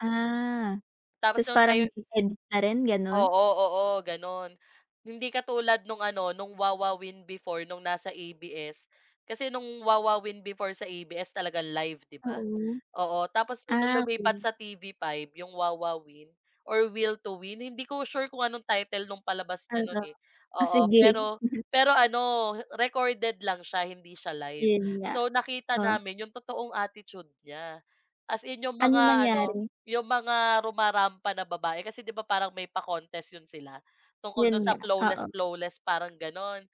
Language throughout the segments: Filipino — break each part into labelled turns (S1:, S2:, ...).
S1: Ah,
S2: Tapos
S1: tapos
S2: nung
S1: parang
S2: tayo
S1: may edit na rin, gano'n?
S2: Oo, oo, gano'n. Hindi katulad no'ng ano, no'ng Wowowin before, no'ng nasa ABS. Kasi no'ng Wowowin before sa ABS. live, 'di ba,
S1: Oo.
S2: oo, tapos kung nung
S1: Ah,
S2: lumipat
S1: okey.
S2: sa TV5 yung Wowowin, or Will to Win? Hindi ko sure kung anong title, no'ng palabas niya
S1: Hala,
S2: no'n eh,
S1: o, sige.
S2: pero pero ano, recorded lang siya, hindi siya live.
S1: Yun nga,
S2: So, nakita
S1: oo.
S2: namin yung totoong attitude niya, as in yung
S1: Ano
S2: mga ano,
S1: nangyari?
S2: yung mga rumarampa na babae kasi 'di ba parang may pa-contest 'yon sila tungkol
S1: Yun
S2: do'n sa
S1: nga,
S2: flawless
S1: oo.
S2: flawless, parang gano'n.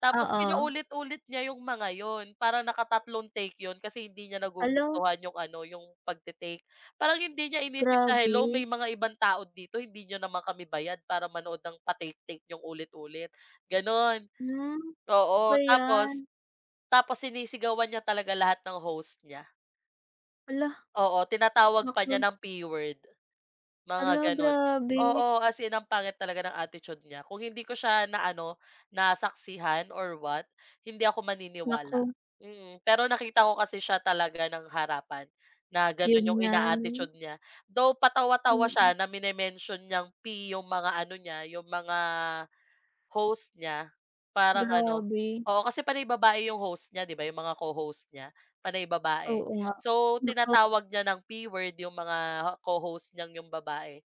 S2: Tapos
S1: Oo.
S2: pinaulit-ulit niya yung mga 'yon parang nakatatlong take 'yon kasi hindi niya
S1: Hala.
S2: nagugustuhan yung ano, yung pagte-take parang hindi niya iniisip na hello may
S1: Grabe.
S2: mga ibang tao dito hindi niyo naman kami bayad para manood ng pa-take-take niyong ulit-ulit, gano'n,
S1: Hmm, ba
S2: oo, tapos
S1: yan?
S2: tapos sinisigawan niya talaga lahat ng host niya.
S1: Hala.
S2: Oo, tinatawag pa niya
S1: Naku.
S2: ng P word, mga
S1: Hala,
S2: gano'n,
S1: grabe.
S2: oo, as in ang pangit talaga ng attitude niya kung hindi ko siya na ano, nasaksihan or what hindi ako maniniwala,
S1: Naku.
S2: mm. Pero nakita ko kasi siya talaga ng harapan na
S1: Yun
S2: gano'n yung
S1: nga 'no.
S2: ina-attitude niya though patawa-tawa
S1: Mm.
S2: siya na mini-mention niyang P yung mga ano niya, yung mga host niya parang ano,
S1: Grabe.
S2: oo, kasi panay babae yung host niya, di ba, yung mga co-host niya panay babae,
S1: Oo nga,
S2: so
S1: oo.
S2: tinatawag niya ng P word yung mga co-host niyang yung babae,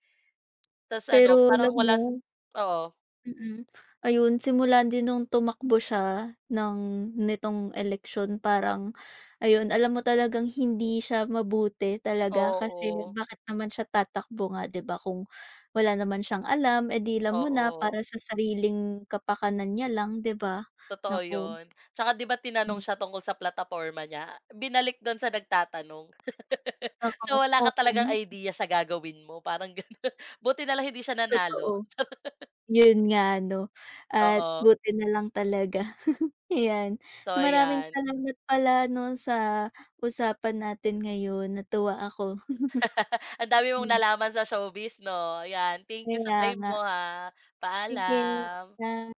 S2: tapos ano,
S1: Pero alam
S2: parang wala sa
S1: mo.
S2: oo.
S1: Mm, ayun, simula din nung tumakbo siya ng nitong eleksyon parang, ayun, alam mo talagang hindi siya mabuti talaga kasi
S2: Oo.
S1: bakit naman siya tatakbo nga di ba kung wala naman siyang alam eh, di alam mo na
S2: Oo.
S1: para sa sariling kapakanan niya lang di ba?
S2: Totoo
S1: Naku.
S2: yun, tsaka 'di ba tinanong
S1: Hmm.
S2: siya tungkol sa plataporma niya binalik dun sa nagtatanong. So,
S1: Oo,
S2: wala
S1: oo.
S2: ka talagang idea sa gagawin mo parang ganun. Buti nalang hindi siya nanalo.
S1: Totoo, yun nga ano at
S2: Oo.
S1: buti nalang talaga, yan,
S2: So,
S1: maraming
S2: ayan.
S1: salamat pala 'no sa usapan natin ngayon, natuwa ako.
S2: Ang dami mong
S1: Hmm.
S2: nalaman sa showbiz, 'no, yan, thank you sa
S1: Kaya
S2: time mo
S1: nga.
S2: ah.
S1: Sige
S2: Paalam.
S1: na.